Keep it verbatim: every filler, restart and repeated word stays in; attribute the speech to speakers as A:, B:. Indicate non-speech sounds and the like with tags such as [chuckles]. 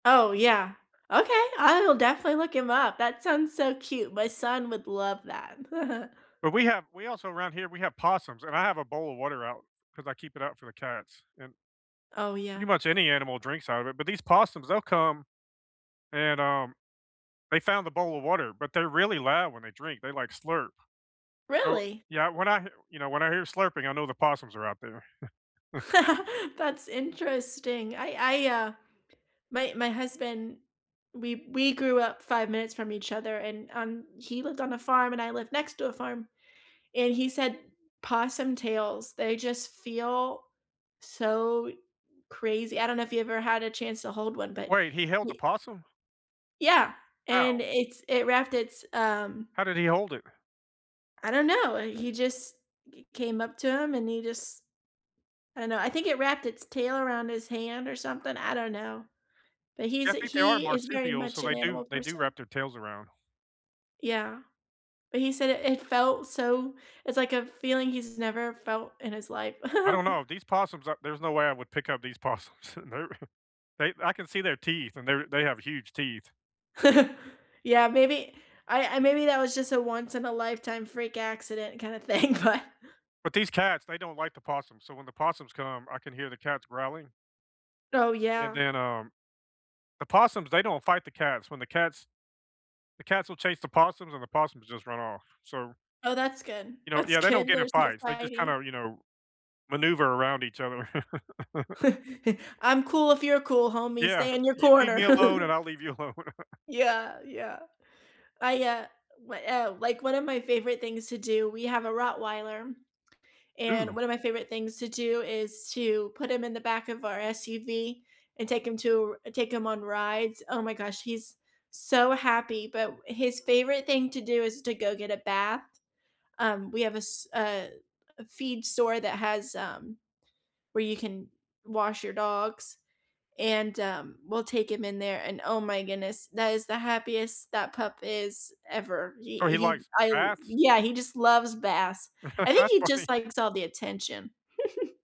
A: Oh, yeah. Okay, I will definitely look him up. That sounds so cute, my son would love that. [chuckles]
B: But we have we also 'round here, we have possums, and I have a bowl of water out 'cause I keep it out for the cats, and
A: Oh
B: pretty
A: yeah.
B: much any animal drinks out of it, but these possums, they'll come and, um, they found the bowl of water but they're really loud when they drink, they, like, slurp. So,
A: Really?
B: yeah, when I h you know, when I hear slurping, I know the possums are out there. [chuckles]
A: [laughs] That's interesting. I I, uh my my husband we we grew up five minutes from each other and, um, he lived on a farm and I lived next to a farm and he said possum tails, they just feel so crazy. I don't know if you ever had a chance to hold one, but
B: Wait, he held a
A: ye
B: possum?
A: Yeah. And,
B: How?
A: it's it wrapped its, um
B: How did he hold it?
A: I don't know, uh, he just g came up to him and he just I don't know, I think it wrapped its tail around his hand or something, I don't know. But
B: Yeah,
A: he's
B: I think they are
A: he is very
B: marsupials,
A: much
B: so they
A: an
B: do
A: animal
B: they do
A: person.
B: wrap their tails around.
A: Yeah. But he said it it felt so it's like a feeling he's never felt in his life.
B: I don't
A: [giggles]
B: know, these possums are there's no way I would pick up these possums. They're [chuckles] they I can see their teeth, and they're they have huge teeth.
A: [laughs] Yeah, maybe I I maybe that was just a once in a lifetime freak accident kind of thing, but
B: But these cats, they don't like the possums, so when the possums come, I can hear the cats growling
A: Oh,
B: and
A: yeah.
B: then, um the possums, they don't fight the cats. When the cats the cats will chase the possums and the possums just run off, so
A: Oh, that's good.
B: you know
A: That's
B: yeah, they don't
A: good,
B: get in
A: there's no
B: fights, they just
A: fighting.
B: kinda, you know, maneuver around each other. [laughs]
A: [chuckles] "I'm cool if you're cool, homie,
B: Yeah.
A: stay in your
B: "You leave
A: corner."
B: me alone, and
A: [giggles]
B: I'll leave you alone." [chuckles]
A: Yeah, yeah. I, uh w uh like, one of my favorite things to do we have a Rottweiler, [swallows] and
B: Ooh.
A: one of my favorite things to do is to put him in the back of our SUV and take him to r take him on rides. Oh my gosh, he's so happy, but w his favorite thing to do is to go get a bath. Um, we have a s a a feed store that has, um, where you can wash your dogs and, um, we'll take him in there and, oh my goodness, that is the happiest that pup is ever. He
B: So, he
A: he
B: likes
A: I l
B: baths?
A: Yeah, he just loves baths.
B: [laughs]
A: I think
B: That's
A: he just
B: funny.
A: likes all the attention. [giggles]